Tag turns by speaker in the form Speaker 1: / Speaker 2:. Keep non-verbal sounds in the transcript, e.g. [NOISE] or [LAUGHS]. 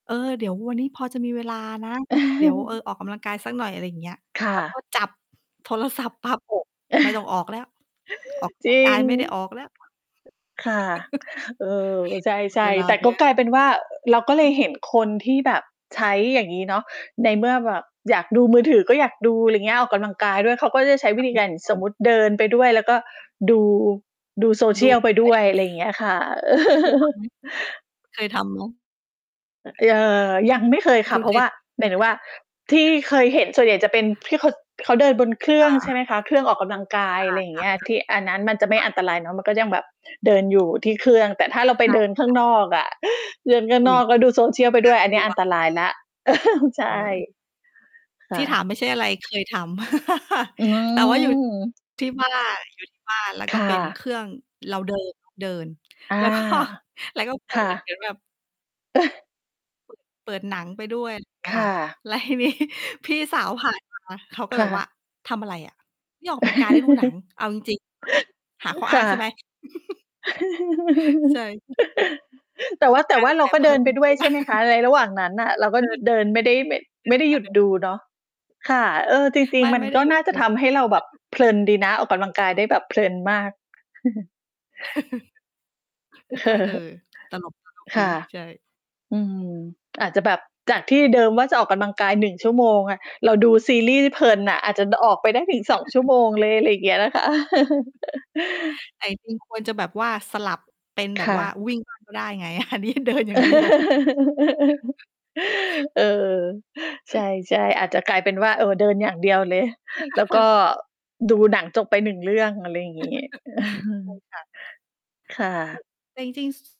Speaker 1: เออ เดี๋ยววันนี้พอจะมีเวลานะ เดี๋ยว เออ
Speaker 2: [CHUCKLES]
Speaker 1: ออกกำลังกายสักหน่อย อะไรอย่างเงี้ย
Speaker 2: ค่
Speaker 1: แล้วพอ
Speaker 2: ะ
Speaker 1: จับ โทรศัพท์ปั๊บ โอ้ ไม่ต้อง
Speaker 2: [CHUCKLES]
Speaker 1: ออกแล้ว ออก ก
Speaker 2: จ
Speaker 1: ำลั
Speaker 2: ร
Speaker 1: ง
Speaker 2: ิ
Speaker 1: กา
Speaker 2: ง
Speaker 1: ยไม่ได้ออกแล้ว
Speaker 2: ค่ะ
Speaker 1: [CHUCKLES]
Speaker 2: เออ ใ
Speaker 1: หม
Speaker 2: ช
Speaker 1: ด เ
Speaker 2: ่
Speaker 1: วลา
Speaker 2: ๆ แต่
Speaker 1: ไป
Speaker 2: ก
Speaker 1: แ
Speaker 2: ็
Speaker 1: ล้ว
Speaker 2: กลายเป็นว่า เราก็เลยเห็นคนที่แบบใช้อย่างงี้เนาะ ในเมื่อแบบอยากดูมือถือ ก็อยากดู อะไรอย่างเงี้ย ออกกำลังกายด้วย เขาก็จะใช้วิธีการ สมม
Speaker 1: [UNINTELLIGIBLE]
Speaker 2: ุติเดินไปด้วย แล้วก็ดู ดู
Speaker 1: ดู
Speaker 2: Social
Speaker 1: ไป
Speaker 2: ไป
Speaker 1: ด้
Speaker 2: ด
Speaker 1: ว
Speaker 2: ้
Speaker 1: ย
Speaker 2: วย อะไรอย่างเงี้ยค่ะ
Speaker 1: เคยทำไห
Speaker 2: [CHUCKLES]
Speaker 1: ม เคยทำไหม?
Speaker 2: อ เอ่อ ยังไม่เคยค
Speaker 1: ค
Speaker 2: ่
Speaker 1: ุ
Speaker 2: ะ
Speaker 1: ณ
Speaker 2: เพ
Speaker 1: เ
Speaker 2: ร
Speaker 1: ค
Speaker 2: าะว
Speaker 1: ย
Speaker 2: ่า
Speaker 1: ทำไห
Speaker 2: หมายถึงว่าที่
Speaker 1: ม? [CHUCKLES]
Speaker 2: เคยเห็นส่วนใหญ่จะเป็นที่ เขา เขาเดินบนเครื
Speaker 1: ค
Speaker 2: ่อ
Speaker 1: ่
Speaker 2: ง ใช
Speaker 1: ะ
Speaker 2: ่ไหมคะ เครื่องออกกำลังกาย
Speaker 1: อ
Speaker 2: อ
Speaker 1: า
Speaker 2: ะไรอย่า
Speaker 1: ค
Speaker 2: งเ
Speaker 1: ่
Speaker 2: ง
Speaker 1: ะ
Speaker 2: ี้ย
Speaker 1: ๆ
Speaker 2: คืออันนั้นมันจะ
Speaker 1: ค
Speaker 2: ไม่
Speaker 1: ่
Speaker 2: อ
Speaker 1: ะ
Speaker 2: ันตรายเนาะ มันก็ยังแบบเดินอยู่ที่เครื่อง แต่ถ้าเราไป
Speaker 1: ค่ะ
Speaker 2: เดินข้
Speaker 1: ค
Speaker 2: าง
Speaker 1: ่ะ
Speaker 2: นอกอะ เดินข้าง
Speaker 1: อุ
Speaker 2: น
Speaker 1: ๊ย
Speaker 2: อ
Speaker 1: น
Speaker 2: ก
Speaker 1: ่
Speaker 2: แล้วดู Social ไปด้วย
Speaker 1: า
Speaker 2: อัน
Speaker 1: ก
Speaker 2: น
Speaker 1: ล
Speaker 2: ี้
Speaker 1: ัว
Speaker 2: อันตรายแล้ว [CHUCKLES] ใช่
Speaker 1: เคย
Speaker 2: ค
Speaker 1: ที
Speaker 2: ่
Speaker 1: ่ถา
Speaker 2: ะ
Speaker 1: มไม่ใช่อะไร เคยทำ [CHUCKLES]
Speaker 2: อื
Speaker 1: แต่ว่าอยู่
Speaker 2: ม
Speaker 1: ที่ บ้าน อยู่ที่บ้าน แล้ว
Speaker 2: ค
Speaker 1: ก็
Speaker 2: ่
Speaker 1: เป็นเค
Speaker 2: ะ
Speaker 1: รื่องเรา เดิน เดิน
Speaker 2: อา
Speaker 1: แล้วก็ แล้วก็ เปิ
Speaker 2: ค
Speaker 1: ด
Speaker 2: ่
Speaker 1: เห
Speaker 2: ะ
Speaker 1: มือนแบบ
Speaker 2: [CHUCKLES]
Speaker 1: เปิด เปิดหนังไปด้วย อย่างเงี้
Speaker 2: ค
Speaker 1: ยค
Speaker 2: ่
Speaker 1: ่ะ
Speaker 2: ะ
Speaker 1: แล้วที นี้ พี่สาวผ่าน มา เขาก็
Speaker 2: ค
Speaker 1: แบ
Speaker 2: ่
Speaker 1: บว่
Speaker 2: ะ
Speaker 1: า "ทำอะไรอะ นี่ออกกำลังกาย หรือดูหนัง
Speaker 2: [CHUCKLES]
Speaker 1: เอาจริง ๆ หาข้อ
Speaker 2: ค
Speaker 1: อ้าง
Speaker 2: ่ะ
Speaker 1: ใช่ไหม?" [CHUCKLES] ใช่
Speaker 2: [CHUCKLES] แต่ว่า แ
Speaker 1: ใ
Speaker 2: ต
Speaker 1: ช
Speaker 2: ่
Speaker 1: ่
Speaker 2: ว่าเ
Speaker 1: แ
Speaker 2: ร
Speaker 1: ต
Speaker 2: า
Speaker 1: ่
Speaker 2: ก็
Speaker 1: เพ
Speaker 2: เด
Speaker 1: ิ่
Speaker 2: ิน
Speaker 1: ม
Speaker 2: ไปด้ว
Speaker 1: ไม
Speaker 2: ย
Speaker 1: ่ไ
Speaker 2: ใ
Speaker 1: ด
Speaker 2: ช
Speaker 1: ้
Speaker 2: ่ไหมคะ? ในระหว่างนั้นน่ะ เราก็
Speaker 1: คือ
Speaker 2: เดินไม่ได้ แแบบ
Speaker 1: เดิ
Speaker 2: ไม่
Speaker 1: น
Speaker 2: ได้
Speaker 1: ค
Speaker 2: ห
Speaker 1: ่
Speaker 2: ย
Speaker 1: ะ
Speaker 2: ุ
Speaker 1: เ
Speaker 2: ด
Speaker 1: ดิน
Speaker 2: ดูเนาะ ค่ะ เออ จริ
Speaker 1: ไ
Speaker 2: ง
Speaker 1: ม่
Speaker 2: ๆ มั
Speaker 1: ไ
Speaker 2: น
Speaker 1: ม่ได้
Speaker 2: ก็
Speaker 1: หยุด
Speaker 2: น่า
Speaker 1: เ
Speaker 2: จ
Speaker 1: ด
Speaker 2: ะ
Speaker 1: ิน
Speaker 2: ทำให้เราแบบ
Speaker 1: [UNINTELLIGIBLE]
Speaker 2: เพลินดีนะ ออกกำลังกายได้แบบเพลินมาก [CHUCKLES]
Speaker 1: [CHUCKLES] นี่ก็ เออ
Speaker 2: [CHUCKLES]
Speaker 1: ตลก ตลก
Speaker 2: ค
Speaker 1: ดี
Speaker 2: ่ะ
Speaker 1: ใช่
Speaker 2: อืม อาจจะแบบจากที่เดิมว่าจะออกกำลังกาย 1 ชั่วโมงอะ เราดูซีรีส์เพลินน่ะ อาจจะออกไปได้ถึง 2 ชั่ว
Speaker 1: [CHUCKLES]
Speaker 2: โมงเลย อะไรอย่างเงี้ยนะคะ [CHUCKLES]
Speaker 1: แต่ จริง ๆ ควรจะแบบว่าสลับเป็นแ
Speaker 2: ค
Speaker 1: บบ
Speaker 2: ่
Speaker 1: ว่า
Speaker 2: ะ
Speaker 1: วิ่งบ้าง ก็ได้ไง อันนี้เดินอย่างเดียว
Speaker 2: [LAUGHS] เออ
Speaker 1: เ
Speaker 2: ใช
Speaker 1: ออ
Speaker 2: ่ ๆ อาจจะกลายเป็นว่า เออ เดินอย่างเดียวเลย แล้วก็
Speaker 1: [CHUCKLES]
Speaker 2: ดูหนังจบไป 1 เรื่อง อะไรอย่างงี้
Speaker 1: [CHUCKLES] ใช่
Speaker 2: เออ
Speaker 1: ค่ะ
Speaker 2: ค่ะ
Speaker 1: ใช่ แต่จริง ๆ